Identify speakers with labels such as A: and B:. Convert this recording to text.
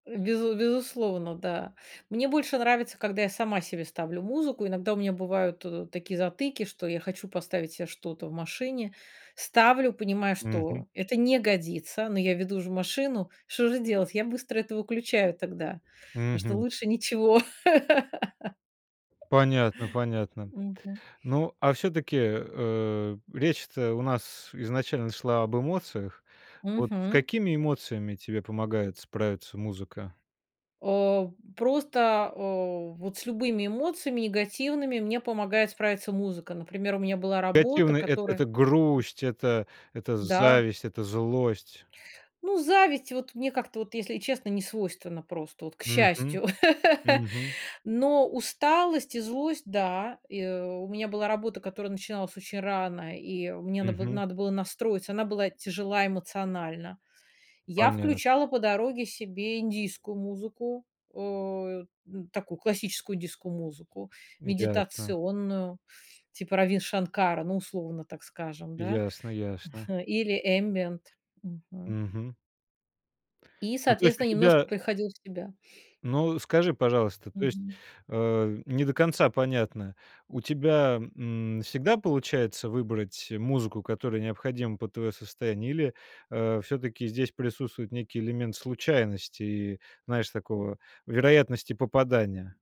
A: Безу безусловно. Да. Мне больше нравится, когда я сама себе ставлю музыку. Иногда у меня бывают ы вот такие затыки, что я хочу поставить себе что-то в машине. Ставлю, понимаю,
B: Мгм.
A: что это не годится, но я веду же машину. Что же делать? Я быстро это выключаю тогда, потому что
B: Мгм.
A: лучше ничего.
B: Понятно понятно.
A: Мгм.
B: Ну, а всё-таки, э, речь-то у нас изначально шла об эмоциях. Вот с
A: Мгм.
B: какими эмоциями тебе помогает справиться музыка?
A: О! Просто, э, вот с любыми эмоциями негативными мне помогает справиться музыка. Например, у меня была работа,
B: Негативное эт
A: которая
B: это грусть, это это
A: Да.
B: зависть, это злость?
A: Ну, зависть, вот, мне как-то, вот, если честно, не свойственна просто, вот, к
B: Мгм.
A: счастью,
B: Мгм.
A: но усталость и злость- да. И у меня была работа, которая начиналась очень рано, и мне надо было
B: Мгм.
A: надо было настроиться, она была тяжела эмоционально. Я
B: Понятно.
A: включала по дороге себе индийскую музыку, э, н такую классическую индийскую музыку,
B: Ясно.
A: медитационную, типа Раввин Шанкара, ну, условно так скажем, да,
B: Ясно ясно.
A: или эмбиент, мгм.
B: Мгм.
A: И,
B: Ну, то есть у
A: соответственно, немножко
B: тебя
A: приходила в себя.
B: Ну, скажи, пожалуйста, то есть,
A: Мгм.
B: э, не до конца понятно. У тебя, м, всегда получается выбрать музыку, которая необходима под твое состояние? Или, э, всё-таки здесь присутствует некий элемент случайности и, знаешь, такого вероятности попадания?